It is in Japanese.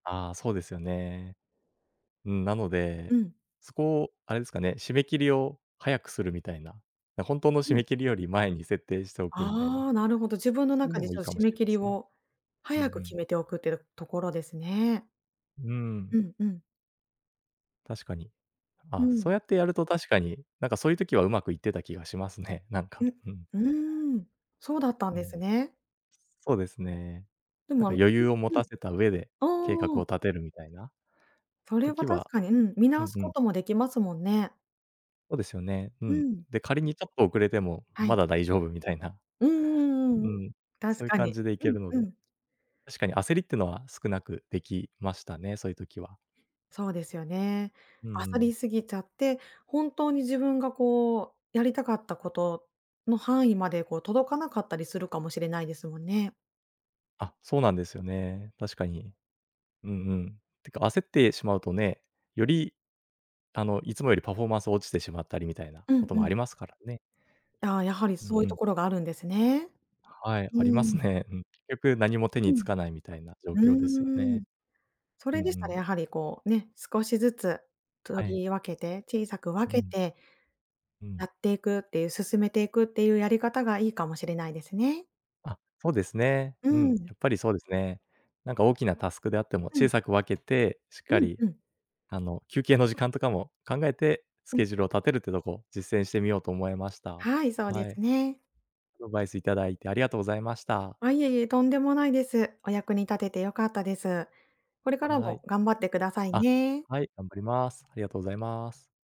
ああ、そうですよね。うん、なのうで、ん。そこをあれですかね、締め切りを早くするみたいな、あ、ほんとのう締ん。め切りより前に設定しておくみたいあな。あ、なるほど。自分のそういう中ので、もちいいょっ、かも締しめれな切いりすね。をうん、う早く決ん。めておくってるところですね。うーうん。んうん。確かに。うあ、そん。うやってやると確かに、なんかそういう時はうまくいってた気がしますね、なんか。ん、うん。うーん、そうだったんうでん。すね。そうですね。でなんも、あかの余裕を持うん、うたせた上で、計ん。画あをあ。立てるみたいなそれ時は確はかに、うん、見う直ん、すうこん。ともできますもんね。そうですよね、ううん。ん。で、仮にちょっと遅れてもはまい。だ大丈夫みたいな、うんうんうんううん、ん、確そゆか感に。じで行うけん、るのうでん。確かに焦りってのは少なくできましたね、そゆ時は。そうですよね。うあんうさん。り過ぎちゃって、本当に自分がこう、やりたかったことの範囲までこう、届かなかったりするかもしれないですもんね。あ、そうなんですよね、確かに。うんうん。てか、焦ってしまうとね、より、あの、いつもよりパフォーマンス落ちてしまったりみたいなうこんとうもあん。りますからね。ああ、やはりうそんうゆうとん。ころがあるんですね。はい、うありまーすん。ね、ん、けっきょく、何も手うにつん。かないみたいな状況ですようーん。ね。そうんれうでしたら、ん。やはりこう、ね、少しずつはい。取り分けて、小さく分うけん。てうやん。っていくっていう進めていくっていうやり方がいいかもしれないですね。あ、そうですね。ううん、ん。やっぱりそうですね。なんか大きなタスクであってもう小ん。さく分けてしっうかん、り、うん。あの、休憩の時間とかも考えてスうん。ケジュールを立てるっていうとこ、実践してみようと思えました。はい、そうではい。すね。アドバイスいただいてありがとうございました。あ、いえいえ、とんでもないです。お役に立てて良かったです。これからはい。も頑張ってくださいあ、ね。はい、頑張ります。ありがとうございます。